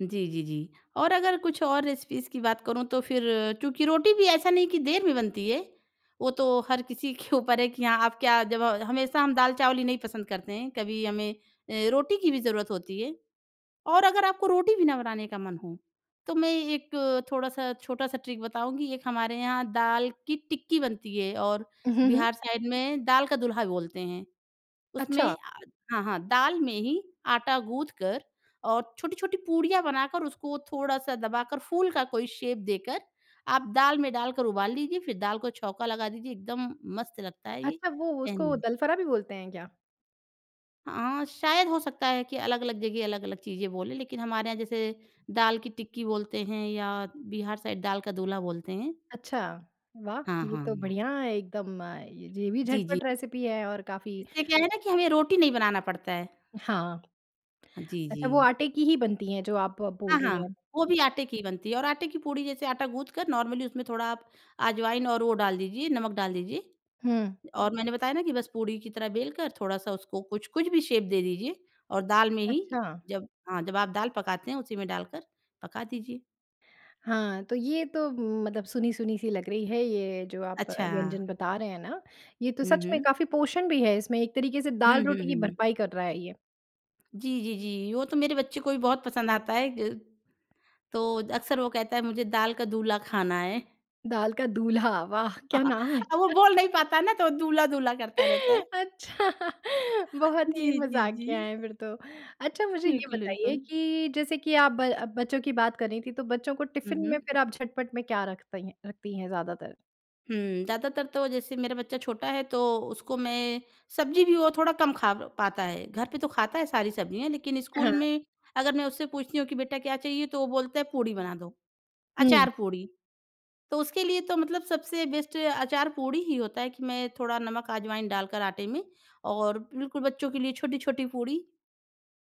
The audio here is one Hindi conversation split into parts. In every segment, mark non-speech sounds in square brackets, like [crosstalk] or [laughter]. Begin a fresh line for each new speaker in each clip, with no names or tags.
जी, जी, जी। और अगर कुछ और रेसिपीज़ की बात करूँ तो फिर क्योंकि रोटी भी ऐसा नहीं है कि देर में बनती है, वो तो हर किसी [chuckles] के ऊपर है कि हाँ आप क्या जब अ, हमेशा हम दाल-चावल ही नहीं पसंद करते हैं, कभी हमें अ, रोटी की भी ज़रूरत होती है। और अगर आपको रोटी भी ना बनाने का मन हो, तो मैं एक थोड़ा-सा, छोटा-सा ट्रिक बताऊँगी, एक हमारे यहाँ दाल की टिक्की बनती है और
हुँ, हुँ।
बिहार साइड में दाल का दूल्हा भी बोलते हैं। उसमें
अच्छा।
अ, हाँ, हाँ। दाल में ही आटा गूँथ कर और छोटी-छोटी पूड़ियाँ बनाकर उसको थोड़ा-सा दबाकर, फूल का कोई शेप देकर, आप दाल में डालकर उबाल लीजिए फिर दाल को छौँका लगा दीजिए, एकदम मस्त लगता है ये।
अच्छा, वो उसको
कहने
दलफरा भी बोलते हैं क्या?
हाँ, शायद हो सकता है कि अलग-अलग जगह अलग-अलग चीज़ें बोलें। लेकिन हमारे यहाँ जैसे, दाल की टिक्की बोलते हैं या बिहार साइड दाल का दूल्हा बोलते हैं।
अच्छा, वाह!
हाँ,
ये तो
हाँ।
बढ़िया है एकदम अ, ज ये भी
जी, जी।
झटपट रेसिपी है और काफ़ी
इससे क्या है ना? कि हमें रोटी नहीं बनाना पड़ता है।
हाँ।
जी,
अच्छा वो
जी।
आटे की ही बनती हैं, जो आप ब बोल
हाँ,
रही
हाँ,
हैं।
वो भी आटे की ही बनती है और आटे की पूड़ी जैसे आटा गूँथ कर नॉर्मली उसमें थोड़ा आप अजवाइन और वो डाल दीजिए नमक डाल दीजिए।
हुँ।
और मैंने बताया ना कि बस पूड़ी की तरह बेल कर थोड़ा-सा उसको कुछ कुछ भी शेप दे दीजिए और दाल में ही,
अच्छा।
जब हाँ जब आप दाल पकाते हैं उसी में डालकर पका दीजिए।
हाँ, तो ये तो म मतलब सुनी-सुनी सी लग रही है, ये जो आप अ,
अच्छा।
व्यंजन बता रहे हैं ना, ये तो
हुँ,
सच में
हुँ।
काफ़ी पोषण भी है इसमें, एक तरीके से
हुँ, हुँ,
दाल-रोटी की
हुँ।
भरपाई कर रहा है ये।
जी, जी, जी। वो तो मेरे बच्चे को भी बहुत पसंद आता है। ज तो अक्सर वो कहता है मुझे दाल का दूल्हा खाना है।
दाल का दूल्हा, वाह! क्या
[chuckles]
नाम है?
अब वो बोल नहीं पाता है ना, तो दूल्हा-दूल्हा करता रहता है।
अच्छा, बहुत
जी,
ही
जी,
मजाकियाँ
जी।
है फिर तो। अच्छा मुझे ये
बिल्कुल,
बताइए
बिल्कुल।
कि जैसे कि आप ब बच्चों की बात कर रहीं थी, तो बच्चों को
हुँ,
टिफिन में
हुँ।
फिर आप झटपट में क्या रख तई रखती हैं ज्यादातर?
हुँ, ज़्यादातर तो जैसे मेरा बच्चा छोटा है तो उसको मैं सब्ज़ी भी वो थोड़ा कम खा प पाता है, घर पे तो खाता है सारी सब्जियाँ लेकिन स्कूल
हाँ।
में अगर मैं उससे पूछती हूँ कि बेटा क्या चाहिए? तो वो बोलता है पूड़ी बना दो।
हुँ।
अचार पूड़ी, तो उसके लिए तो मतलब सबसे बेस्ट अचार पूड़ी ही होता है, कि मैं थोड़ा नमक अजवाइन डालकर आटे में और बिल्कुल बच्चों के लिए छोटी-छोटी पूड़ी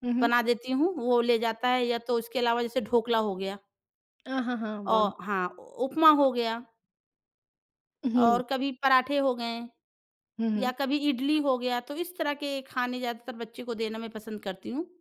हुँ, हुँ।
बना देती हूँ, वो ले जाता है या तो उसके अलावा जैसे ढोकला हो गया।
अ, हाँ, हाँ
औ
वाह!
हाँ, उपमा हो गया।
हुँ।
और कभी पराँठे हो गए।
हुँ
या
हुँ।
कभी इडली हो गया, तो इस तरह के खाने ज़्यादातर बच्चे को देना मैं पसंद करती हूँ।